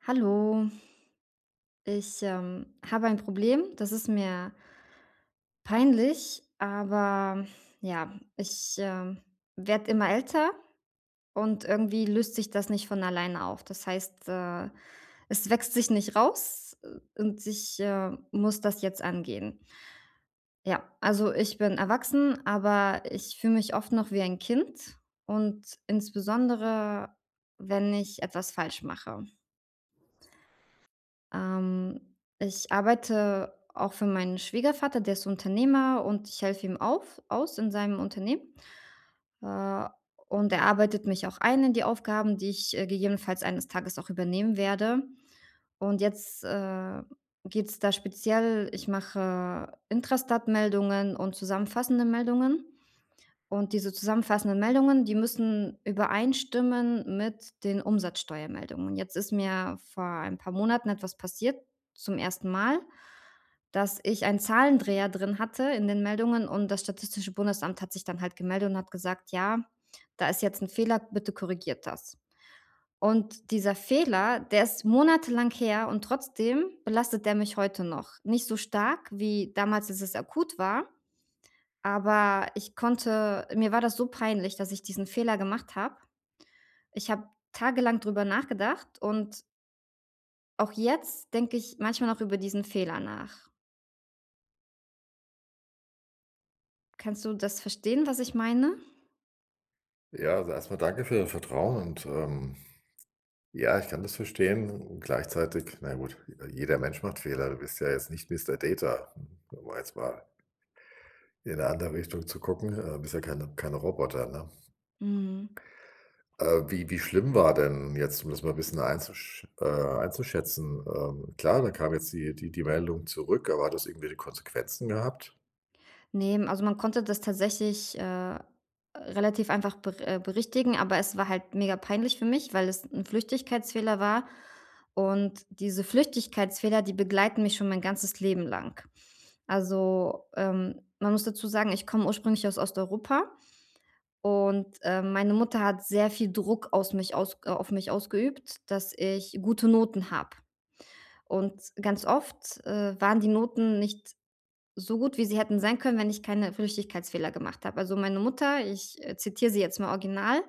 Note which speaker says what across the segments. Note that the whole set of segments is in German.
Speaker 1: Hallo. Ich, ähm, habe ein Problem. Das ist mir peinlich, aber ja. Ich, ähm, werde immer älter und irgendwie löst sich das nicht von alleine auf. Das heißt, äh, es wächst sich nicht raus, äh, und ich, äh, muss das jetzt angehen. Ja, also ich bin erwachsen, aber ich fühle mich oft noch wie ein Kind und insbesondere, wenn ich etwas falsch mache. Ähm, ich arbeite auch für meinen Schwiegervater, der ist Unternehmer und ich helfe ihm auf aus in seinem Unternehmen. Äh, und er arbeitet mich auch ein in die Aufgaben, die ich, äh, gegebenenfalls eines Tages auch übernehmen werde. Und jetzt, äh, geht's da speziell ich mache Intrastat-Meldungen und zusammenfassende Meldungen und diese zusammenfassenden Meldungen, die müssen übereinstimmen mit den Umsatzsteuermeldungen. Jetzt ist mir vor ein paar Monaten etwas passiert, zum 1. Mal, dass ich ein Zahlendreher drin hatte in den Meldungen und das Statistische Bundesamt hat sich dann halt gemeldet und hat gesagt: „Ja, da ist jetzt 'n Fehler, bitte korrigiert das.“ Und dieser Fehler, der ist monatelang her und trotzdem belastet der mich heute noch. Nicht so stark wie damals, als es akut war, aber ich konnte mir war das so peinlich, dass ich diesen Fehler gemacht habe. Ich habe tagelang drüber nachgedacht und Auch jetzt denke ich manchmal noch über diesen Fehler nach. Kannst du das verstehen, was ich meine?
Speaker 2: Ja, also erstmal danke für dein Vertrauen und, ähm, ja, ich kann das verstehen. Gleichzeitig, na gut, jeder Mensch macht Fehler, du bist ja jetzt nicht Mister Data, um mal jetzt mal in 'ne andere Richtung zu gucken, äh, bist ja keine keine Roboter, ne?
Speaker 1: Mhm.
Speaker 2: Äh, wie wie schlimm war denn jetzt, um das mal 'n bisschen einzusch äh, einzuschätzen, ähm. Klar, da kam jetzt die die die Meldung zurück. Aber hat das irgendwelche Konsequenzen gehabt?
Speaker 1: Ne, also, man konnte das tatsächlich, äh, relativ einfach ber äh, berichtigen, aber es war halt mega peinlich für mich, weil es 'n Flüchtigkeitsfehler war. Und diese Flüchtigkeitsfehler, die begleiten mich schon mein ganzes Leben lang. Also, ähm, man muss dazu sagen, ich komme ursprünglich aus Osteuropa und, ähm, meine Mutter hat sehr viel Druck aus mich aus äh, auf mich ausgeübt, dass ich gute Noten habe. Und ganz oft, äh, waren die Noten nicht so gut, wie sie hätten sein können, wenn ich keine Flüchtigkeitsfehler gemacht habe. Also, meine Mutter ich zitiere sie jetzt mal original,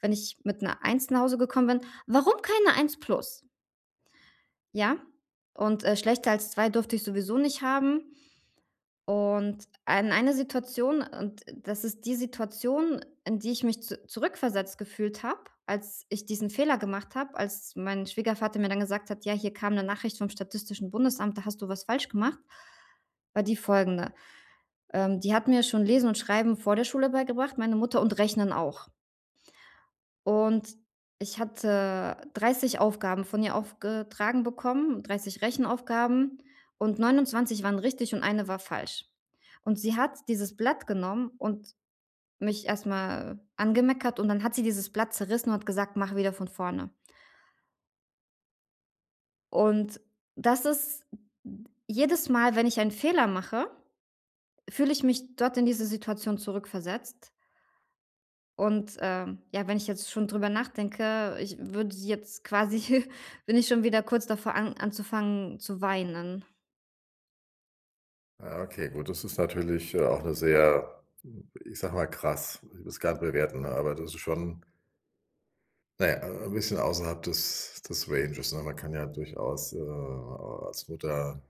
Speaker 1: wenn ich mit 'ner 1 nach Hause gekommen bin: „Warum keine 1 plus?“ Ja. Und, äh, schlechter als 2 durfte ich sowieso nicht haben. Und ein einer Situation, und das ist die Situation, in die ich mich zu zurückversetzt gefühlt habe, als ich diesen Fehler gemacht habe, als mein Schwiegervater mir dann gesagt hat: „Ja, hier kam 'ne Nachricht vom Statistischen Bundesamt, da hast du was falsch gemacht.“ war die folgende, ähm, die hatten mir schon Lesen und Schreiben vor der Schule beigebracht, meine Mutter und Rechnen auch. Und ich hatte 30 Aufgaben von ihr aufgetragen bekommen. 30 Rechenaufgaben und 29 waren richtig und 1 war falsch. Und sie hat dieses Blatt genommen und mich erstmal angemeckert. Und dann hat sie dieses Blatt zerrissen und hat gesagt: "Mach wieder von vorne." Und das ist m m jedes Mal, wenn ich einen Fehler mache, fühle ich mich dort in diese Situation zurückversetzt und, ähm, ja, wenn ich jetzt schon drüber nachdenke, ich würde jetzt quasi bin ich schon wieder kurz davor, an anzufangen zu weinen.
Speaker 2: Ah, okay, gut. Das ist natürlich, ja, auch 'ne sehr, hm, ich sage mal: „krass“. Ich will's gar nicht bewerten, aber das ist schon na ja, 'n 'n bisschen außerhalb des des Ranges. Ne, man kann ja durchaus, äh, als Mutter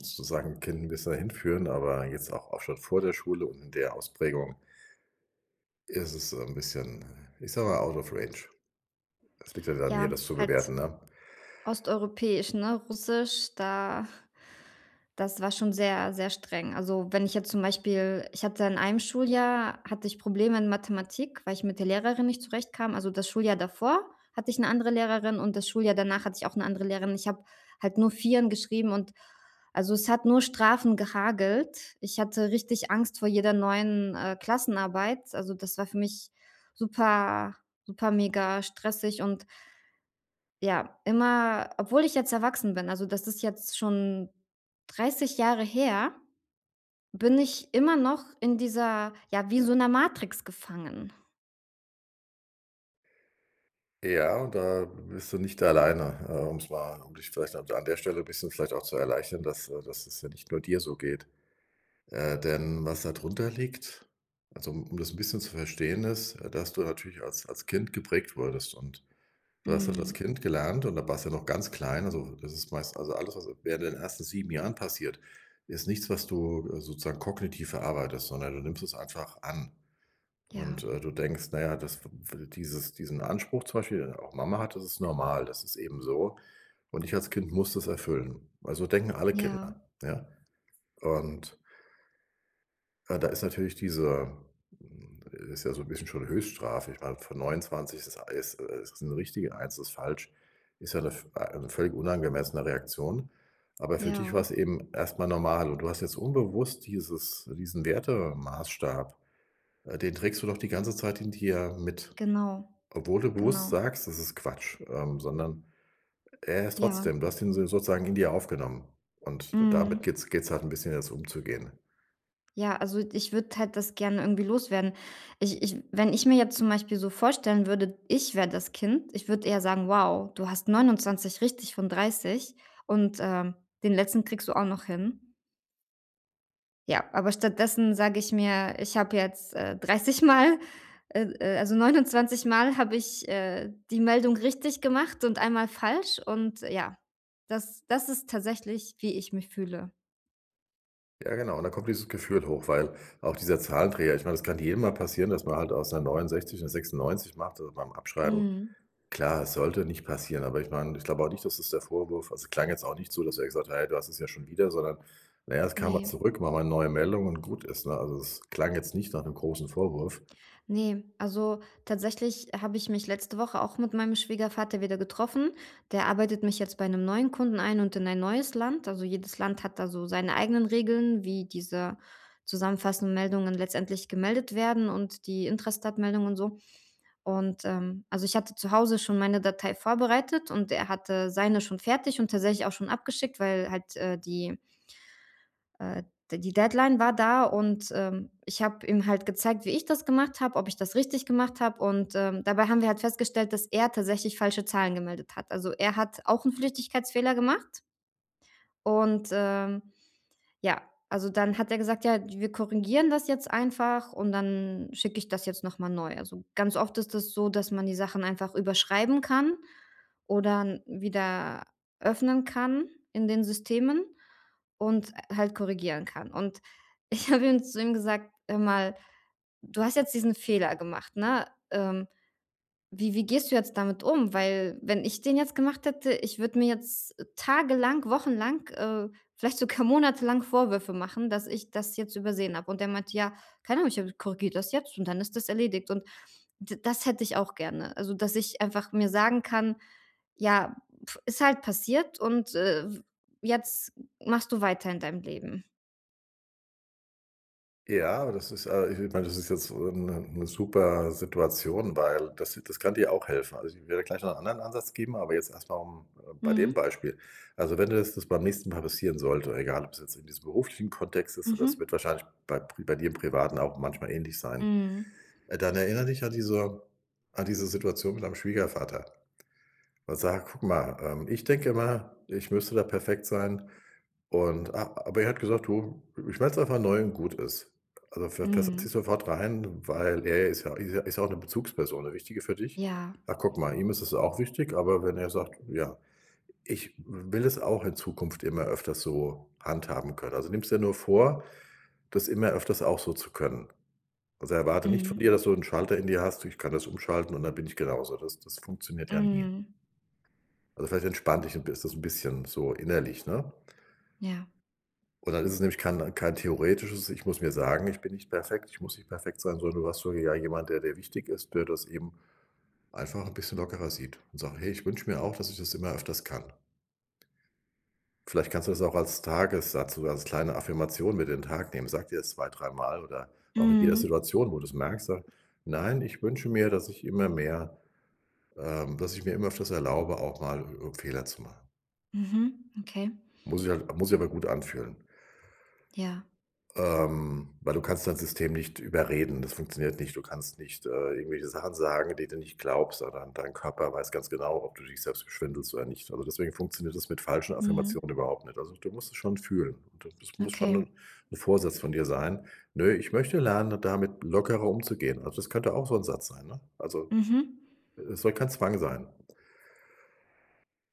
Speaker 2: sozusagen 'n Kind 'n bisschen da hinführen, aber jetzt auch schon vor der Schule und in der Ausprägung isses 'n bisschen, ich sage mal: Out of range. Es liegt ja dann an mir,
Speaker 1: Ja,
Speaker 2: das zu
Speaker 1: halt,
Speaker 2: bewerten, ne.
Speaker 1: osteuropäisch, ne? Russisch, da das war schon sehr, sehr streng. Also, wenn ich jetzt zum Beispiel ich hatte in einem Schuljahr hatte ich Probleme in Mathematik, weil ich mit der Lehrerin nicht zurechtkam. Also, das Schuljahr davor hatte ich 'ne andere Lehrerin und das Schuljahr danach hatte ich auch 'ne andere Lehrerin. Ich habe halt nur Vierer geschrieben und, also, es hat nur Strafen gehagelt. Ich hatte richtig Angst vor jeder neuen, äh, Klassenarbeit. Also, das war für mich super, super mega stressig und ja, immer, obwohl ich jetzt erwachsen bin- also, das ist jetzt schon 30 Jahre her- bin ich immer noch in dieser ja, wie so 'ner Matrix gefangen.
Speaker 2: Ja, da bist du nicht alleine. Äh, um's mal um dich vielleicht an an der Stelle 'n bisschen vielleicht auch zu erleichtern, dass, äh dass es ja nicht nur dir so geht, äh, denn was da drunter liegt also, um um das 'n bisschen zu verstehen, ist, äh, dass du natürlich als als Kind geprägt wurdest. Und du hast halt als
Speaker 1: Mhm.
Speaker 2: Kind gelernt und da warst du noch ganz klein. Also, das ist meist also alles, was während den ersten 7 Jahren passiert, ist nichts, was du, äh, sozusagen kognitiv verarbeitest, sondern du nimmst es einfach an. Und,
Speaker 1: Ja.
Speaker 2: äh, du denkst: „Na ja, das f f dieses diesen Anspruch zum Beispiel, den auch Mama hat, das ist normal. Das ist eben so. Und ich als Kind muss das erfüllen.“ Weil so denken alle
Speaker 1: Ja.
Speaker 2: Kinder. Ja, und ja, da ist natürlich dieser hm, ist ja so 'n bisschen schon Höchststrafe. Ich meine von 29 ist das alles äh, ist das 'n richtig und 1 ist falsch. Ist ja 'ne v ah, 'ne völlig unangemessene Reaktion. Aber für dich
Speaker 1: Ja.
Speaker 2: war's eben erstmal normal. Und du hast jetzt unbewusst dieses diesen Wertemaßstab äh, den trägst du noch die ganze Zeit in dir mit,
Speaker 1: Genau.
Speaker 2: obwohl du bewusst
Speaker 1: Genau.
Speaker 2: sagst: „Das ist Quatsch.“ Ähm, sondern er ist
Speaker 1: Ja.
Speaker 2: trotzdem, du hast ihn so sozusagen in dir aufgenommen. Und damit
Speaker 1: Mhm.
Speaker 2: geht's geht's halt 'n bisschen jetzt umzugehen.
Speaker 1: Ja, also, d ich würde halt das gerne irgendwie loswerden. Ich ich wenn ich mir jetzt zum Beispiel so vorstellen würde, ich wäre das Kind. Ich würde eher sagen: „Wow, du hast 29 richtig von 30 und, ähm, den letzten kriegst du auch noch hin.“ Ja, aber stattdessen sage ich mir: „Ich habe jetzt, äh, 30 Mal, äh äh, also, 29 Mal habe ich, äh, die Meldung richtig gemacht und einmal falsch.“ Und ja, das das ist tatsächlich, wie ich mich fühle.
Speaker 2: Ja, genau und dann kommt dieses Gefühl hoch, weil auch dieser Zahlendreher ich meine, das kann jedem mal passieren, dass man halt aus 'ner 69 'ne 96 macht, äh, beim Abschreiben.
Speaker 1: Mhm.
Speaker 2: Klar, es sollte nicht passieren. Aber ich meine ich glaube auch nicht, dass das der Vorwurf also, es klang jetzt auch nicht so, dass er gesagt hat: „Hey, du hast es ja schon wieder.“ Sondern na ja, es kam halt
Speaker 1: Ne.
Speaker 2: zurück. Machen wir 'ne neue Meldung und gut ist, ne? Also, das klang jetzt nicht nach 'nem großen Vorwurf.
Speaker 1: Ne, also, tatsächlich habe ich mich letzte Woche auch mit meinem Schwiegervater wieder getroffen. Der arbeitet mich jetzt bei 'nem neuen Kunden ein und in ein neues Land. Also, jedes Land hat da so seine eigenen Regeln, wie diese zusammenfassenden Meldungen letztendlich gemeldet werden und die Intrastat-Meldung und so. Und, ähm, also, ich hatte zu Hause schon meine Datei vorbereitet und er hatte seine schon fertig und tatsächlich auch schon abgeschickt, weil halt, äh, die äh, de die Deadline war da und, ähm, ich habe ihm halt gezeigt, wie ich das gemacht habe, ob ich das richtig gemacht habe. Und, ähm, dabei haben wir halt festgestellt, dass er tatsächlich falsche Zahlen gemeldet hat. Also, er hat auch 'n Flüchtigkeitsfehler gemacht und, ähm, ja. Also, dann hat er gesagt: „Ja, d wir korrigieren das jetzt einfach und dann schicke ich das jetzt nochmal neu.“ Also, ganz oft ist es so, dass man die Sachen einfach überschreiben kann oder n wieder öffnen kann in den Systemen und, äh, halt korrigieren kann. Und ich habe ihm zu ihm gesagt: „Hör mal, du hast jetzt diesen Fehler gemacht, ne? Ähm, wie wie gehst du jetzt damit um? Weil wenn ich den jetzt gemacht hätte, ich würde mir jetzt tagelang, wochenlang, äh, vielleicht sogar Monate lang Vorwürfe machen, dass ich das jetzt übersehen habe.“ Und der meinte: „Ja, keine Ahnung, ich, äh, korrigiert das jetzt und dann ist das erledigt.“ Und d das hätte ich auch gerne. Also, dass ich einfach mir sagen kann: „Ja, ist halt passiert und, äh, w jetzt m machst du weiter in deinem Leben.“
Speaker 2: Ja, das ist äh, ich [unintelligible] mal das ist jetzt, äh, 'ne 'ne super Situation, weil das das kann dir auch helfen. Also, ich werde gleich noch 'n anderen Ansatz geben. Aber jetzt erstmal um, äh bei dem
Speaker 1: Mhm.
Speaker 2: Beispiel. Also, wenn du das beim nächsten Mal passieren sollte, egal ob es jetzt in diesem beruflichen Kontext ist, so das
Speaker 1: Mhm.
Speaker 2: wird wahrscheinlich bei Pr bei dir im Privaten auch manchmal ähnlich sein.
Speaker 1: Mhm.
Speaker 2: Äh, dann erinnere dich an diese an diese Situation mit deinem Schwiegervater. Und sag: „Guck mal, ähm, ich denke mal, ich müsste da perfekt sein.“ Und a aber er hat gesagt: „Du, ich [unintelligible] einfach neu und gut ist.“ Also fe fest ziehst
Speaker 1: Mhm.
Speaker 2: du sofort rein, weil er ist ja ist ja ist ja auch 'ne Bezugsperson, 'ne wichtige für dich.
Speaker 1: Ja.
Speaker 2: Ach, guck mal, ihm ist es auch wichtig, aber wenn er sagt ja, ich will es auch in Zukunft immer öfters so handhaben können. Also nimmst dir nur vor, das immer öfters auch so zu können. Also, erwarte nicht von dir,
Speaker 1: Mhm.
Speaker 2: dass du 'n Schalter in dir hast: „Ich kann das umschalten und dann bin ich genauso.“ Das das funktioniert ja nie.
Speaker 1: Mhm.
Speaker 2: Also, vielleicht entspannt dich 'n bis so 'n bisschen so innerlich, ne?
Speaker 1: Ja.
Speaker 2: Und dann ist es nämlich kein kein theoretisches ich muss mir sagen: „Ich bin nicht perfekt, ich muss nicht perfekt sein.“ Sondern du hast so ja jemand, der dir wichtig ist, der das eben einfach 'n bisschen lockerer sieht und sagt: „Hey, ich wünsche mir auch, dass ich das immer öfters kann.“ Vielleicht kannst du das auch als Tagessatz oder als kleine Affirmation mit in den Tag nehmen. Sag dir das zwei dreimal oder auch in jeder
Speaker 1: Mhm.
Speaker 2: Situation, wo du's merkst sag: „Nein, ich wünsche mir, dass ich immer mehr, ähm dass ich mir immer öfters erlaube, auch mal, äh, Fehler zu machen.“
Speaker 1: Mhm, okay.
Speaker 2: Muss sich halt muss sich aber gut anfühlen.
Speaker 1: Ja.
Speaker 2: Ähm, weil du kannst dein System nicht überreden, das funktioniert nicht. Du kannst nicht, äh, irgendwelche Sachen sagen, die du nicht glaubst, oder dein Körper weiß ganz genau, ob du dich selbst beschwindelst oder nicht. Also, deswegen funktioniert das mit falschen
Speaker 1: Mhm.
Speaker 2: Affirmationen überhaupt nicht. Also, du musst es schon fühlen und d das muss schon
Speaker 1: Okay.
Speaker 2: 'n 'n Vorsatz von dir sein. „Ne, ich möchte lernen, damit lockerer umzugehen“, also, das könnte auch so 'n Satz sein, ne? Also,
Speaker 1: Mhm.
Speaker 2: e es soll kein Zwang sein.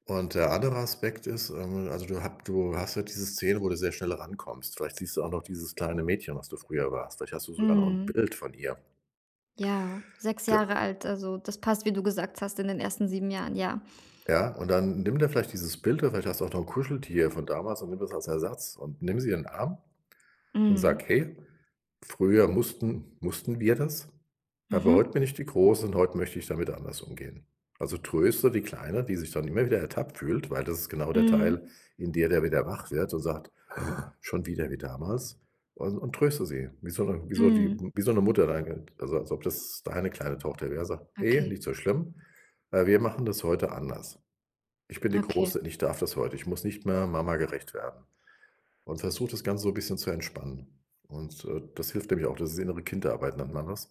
Speaker 2: Und der andere Aspekt ist, ähm also, du hab du hast ja diese Szene, wo du sehr schnell rankommst. Vielleicht siehst du auch noch dieses kleine Mädchen, was du früher warst. Vielleicht hast du sogar noch 'n
Speaker 1: Mhm.
Speaker 2: Bild von ihr.
Speaker 1: Ja, 6
Speaker 2: D
Speaker 1: Jahre alt. Also, das passt, wie du gesagt hast, in den ersten 7 Jahren, ja.
Speaker 2: Ja. Und dann nimm dir vielleicht dieses Bild oder vielleicht hast du auch noch 'n Kuscheltier von damals und nimm das als Ersatz und nimm sie in 'n Arm und
Speaker 1: Mhm.
Speaker 2: sag: „Hey, früher mussten mussten wir das. Aber heute
Speaker 1: Mhm.
Speaker 2: bin ich die Große und heute möchte ich damit anders umgehen.“ Also tröste die Kleine, die sich dann immer wieder ertappt fühlt, weil das ist genau der Teil,
Speaker 1: Mhm.
Speaker 2: in der der wieder wach wird und sagt: „Ha, schon wieder wie damals.“, und und tröste sie. Wie so 'ne wie so die
Speaker 1: Mhm.
Speaker 2: wie so 'ne Mutter dein Kind, also als ob das deine kleine Tochter wäre, sag: „Hey,
Speaker 1: Okay.
Speaker 2: nicht so schlimm. Weil wir machen das heute anders. Ich bin die
Speaker 1: Okay.
Speaker 2: Große und ich darf das heute. Ich muss nicht mehr Mama gerecht werden.“, und versuch, das Ganze so 'n bisschen zu entspannen. Und, äh, das hilft nämlich auch. Das ist Innere-Kind-Arbeit, nennt man das.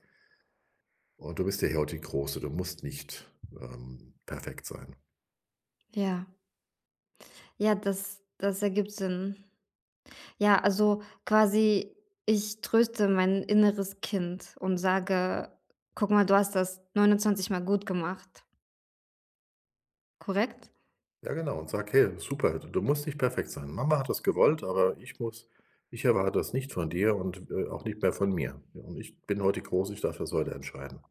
Speaker 2: und du bist ja hier heut die Große. Du musst nicht, ähm, perfekt sein.
Speaker 1: Ja. Ja, das das ergibt Sinn. Ja, also quasi ich tröste mein inneres Kind und sage: „Guck mal, du hast das 29 Mal gut gemacht.“ Korrekt?
Speaker 2: Ja, genau und sag: „Hey, super. Du du musst nicht perfekt sein. Mama hat das gewollt, aber ich muss ich erwarte das nicht von dir und, äh, auch nicht mehr von mir. Und ich bin heut die Große, ich darf das heute entscheiden.“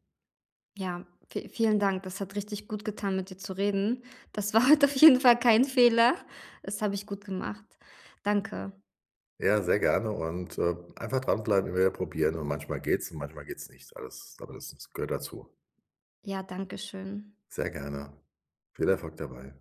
Speaker 1: Ja, vie vielen Dank. Das hat richtig gut getan, mit dir zu reden. Das war heute auf jeden Fall kein Fehler. Das habe ich gut gemacht. Danke.
Speaker 2: Ja, sehr gerne und, äh, einfach dranbleiben, immer wieder probieren und manchmal geht's und manchmal geht's nicht. Alles aber das das gehört dazu.
Speaker 1: Ja, danke schön.
Speaker 2: Sehr gerne. Viel Erfolg dabei.